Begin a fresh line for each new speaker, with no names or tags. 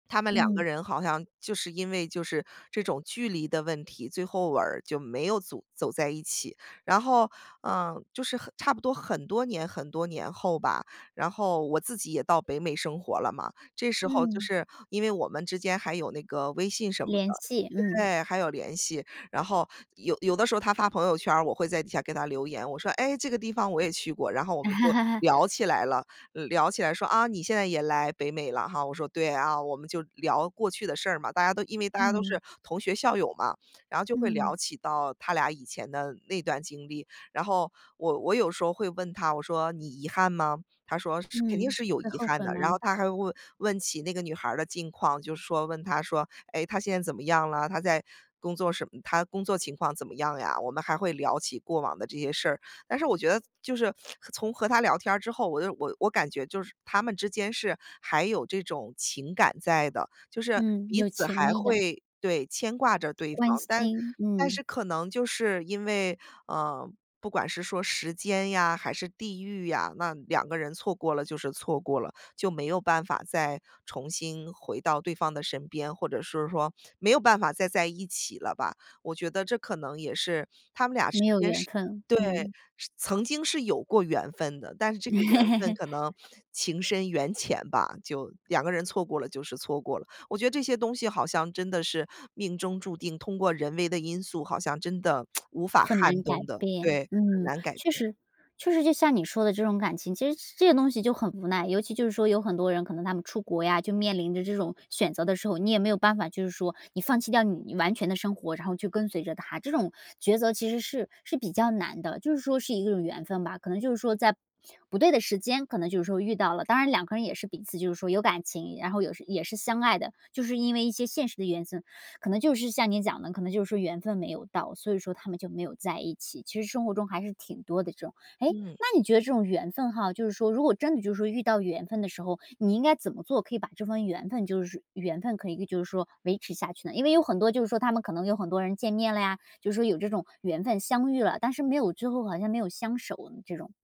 他们两个
嗯。
人好像就是因为就是这种距离的问题，最后尾儿就没有组走在一起。然后，呃，就是很差不多很多年很多年后吧，然后我自己也到北美生活了嘛。这时候就
嗯。
是，因为我们之间还有那个微信什么的
联系，嗯。
对，还有联系。然后有有的时候他发朋友圈儿，我会在底下给他留言，我说：“诶，这个地方我也去过。”然后我们就聊 起来了，聊起来说：“啊，你现在也来北美了哈？”我说：“对啊。”我们就聊过去的事儿嘛。大家都因为大家都
嗯。
是同学、校友嘛，然后就会
嗯。
聊起到他俩以前的那段经历。然后我我有时候会问他，我说：“你遗憾吗？”他说：“是肯定
嗯，
是有
会
遗
后
憾
悔
的。”然后
吗？
他还问问起那个女孩儿的近况，就是说问她说：“诶，她现在怎么样了？她在工作什么她工作情况怎么样呀？”我们还会聊起过往的这些事儿，但是我觉得就是从和他聊天儿之后，我就我我感觉就是他们之间是还有这种情感在的，就是
嗯，
彼
有
此
情
还
意的。
会对，牵挂着对
关
方。但
心，
但
嗯。
是可能就是因为，呃，不管是说时间呀，还是地域呀，那两个人错过了就是错过了，就没有办法再重新回到对方的身边，或者是说没有办法再在一起了吧。我觉得这可能也是他们
没有缘分，
俩之间是对，
嗯。
是曾经是有过缘分的，但是这个缘分可 能情深缘浅吧，就两个人错过了就是错过了。我觉得这些东西好像真的是命中注定，通过人为的因素，好像真的 无法
很
撼
难改
动的。对，
变。
很
嗯，
难改
确
变。
实确实就像你说的这种感情，其实这些东西就很无奈。尤其就是说有很多人可能他们出国呀，就面临着这种选择的时候，你也没有办法，就是说你放弃掉你完全的生活，然后去跟随着他，这种抉择其实是是比较难的。就是说是一个缘分吧，可能就是说在不对的时间，可能就是说遇到了，当然两个人也是彼此就是说有感情，然后有时也是相爱的。就是因为一些现实的原因，可能就是像你讲的，可能就是说缘分没有到，所以说他们就没有在一起，其实生活中还是挺多的这种。诶，
嗯。
那你觉得这种缘分哈，就是说如果真的就是说遇到缘分的时候，你应该怎么做，可以把这份缘分就是缘分可以就是说维持下去呢？因为有很多就是说他们可能有很多人见面了呀，就说有这种缘分相遇了，但是没有之后好像没有相守这种。